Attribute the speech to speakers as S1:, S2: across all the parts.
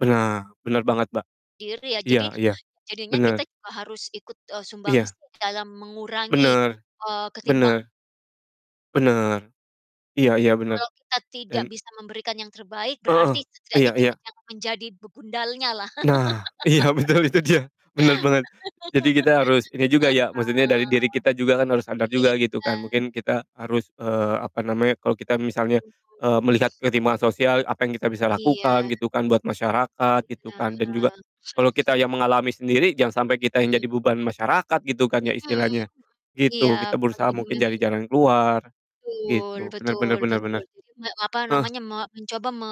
S1: Benar. Benar banget, Mbak.
S2: Diri ya.
S1: Iya
S2: Jadi,
S1: iya.
S2: jadinya kita
S1: Benar.
S2: juga harus ikut, eee, sumbangsih
S1: Iya.
S2: dalam mengurangi,
S1: Benar.
S2: eee, ketimpang
S1: Benar. Benar. Iya iya benar.
S2: Kalau kita tidak
S1: Dan
S2: bisa memberikan yang terbaik
S1: Heeh,
S2: berarti setidaknya
S1: iya
S2: kita
S1: iya.
S2: jangan menjadi begundalnya lah.
S1: Nah, iya betul itu dia. Benar bener. Jadi kita harus ini juga ya, maksudnya dari
S2: Heeh.
S1: diri kita juga kan harus sadar juga gitu
S2: Iya.
S1: kan. Mungkin kita harus, eee, apa namanya, kalau kita misalnya, eee, melihat
S2: [unintelligible]
S1: ketimpangan sosial, apa yang kita bisa
S2: Iya.
S1: lakukan gitu kan buat masyarakat gitu
S2: Iya.
S1: kan dan juga, kalau kita yang mengalami sendiri, jangan sampai kita yang
S2: Mmm.
S1: jadi beban masyarakat gitu kan ya
S2: Mhm,
S1: istilahnya.
S2: iya
S1: Gitu, kita
S2: pas
S1: berusaha
S2: jadi.
S1: mungkin cari
S2: [unintelligible]
S1: jalan keluar,
S2: Betul
S1: gitu. Benar benar
S2: betul
S1: benar
S2: betul,
S1: benar.
S2: jadi nge apa
S1: Eh.
S2: namanya, me mencoba me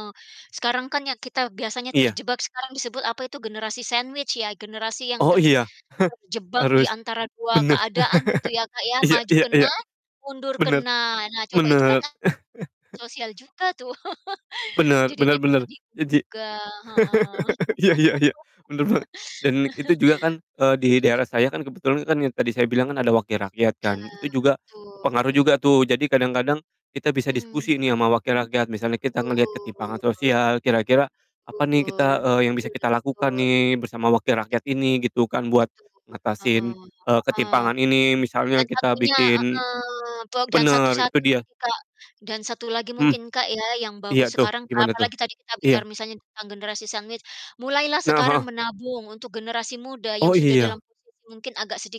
S2: sekarang kan ya kita biasanya
S1: Iya.
S2: terjebak, sekarang disebut apa itu generasi sandwich ya, generasi yang
S1: Oh
S2: ter
S1: iya.
S2: terjebak di
S1: Harus
S2: antara 2
S1: benar.
S2: keadaan gitu ya, Kak, ya,
S1: Iya
S2: maju
S1: iya
S2: kena,
S1: iya.
S2: mundur
S1: Benar,
S2: kena. Nah, coba itu kan
S1: benar.
S2: na sosial juga tuh
S1: Benar benar
S2: jadinya
S1: benar,
S2: tadi
S1: eee, ji
S2: ga, heeh.
S1: iya iya iya. Benar banget. Dan itu juga kan, eee, di daerah saya kan kebetulan kan yang tadi saya bilang kan ada wakil rakyat kan.
S2: Bener,
S1: Itu juga pengaruh
S2: betul.
S1: juga tuh. Jadi kadang-kadang, kita bisa
S2: Hmm.
S1: diskusi nih sama wakil rakyat. Misalnya kita ngelihat ketimpangan
S2: Betul.
S1: sosial, kira-kira apa nih kita
S2: Betul.
S1: eee, yang
S2: Betul
S1: bisa kita lakukan
S2: betul.
S1: nih bersama
S2: Betul
S1: wakil rakyat
S2: betul.
S1: ini gitu kan, buat
S2: Betul,
S1: ngatasin,
S2: heeh
S1: eee,
S2: heeh.
S1: ketimpangan ini misalnya
S2: Yang
S1: kita
S2: satunya,
S1: bikin
S2: heeh, tuak dan satu
S1: benar, itu
S2: satu
S1: dia.
S2: lagi, Kak, dan satu lagi
S1: Mmm.
S2: mungkin, Kak, ya yang
S1: Iya
S2: bagus
S1: tuh,
S2: sekarang, a
S1: gimana tuh?
S2: apalagi tadi kita bicara
S1: Iya.
S2: misalnya tentang generasi sandwich, mulailah
S1: Nah,
S2: sekarang
S1: heeh.
S2: menabung untuk generasi muda yang
S1: Oh,
S2: sudah dalam
S1: iya.
S2: posisi mungkin agak sedi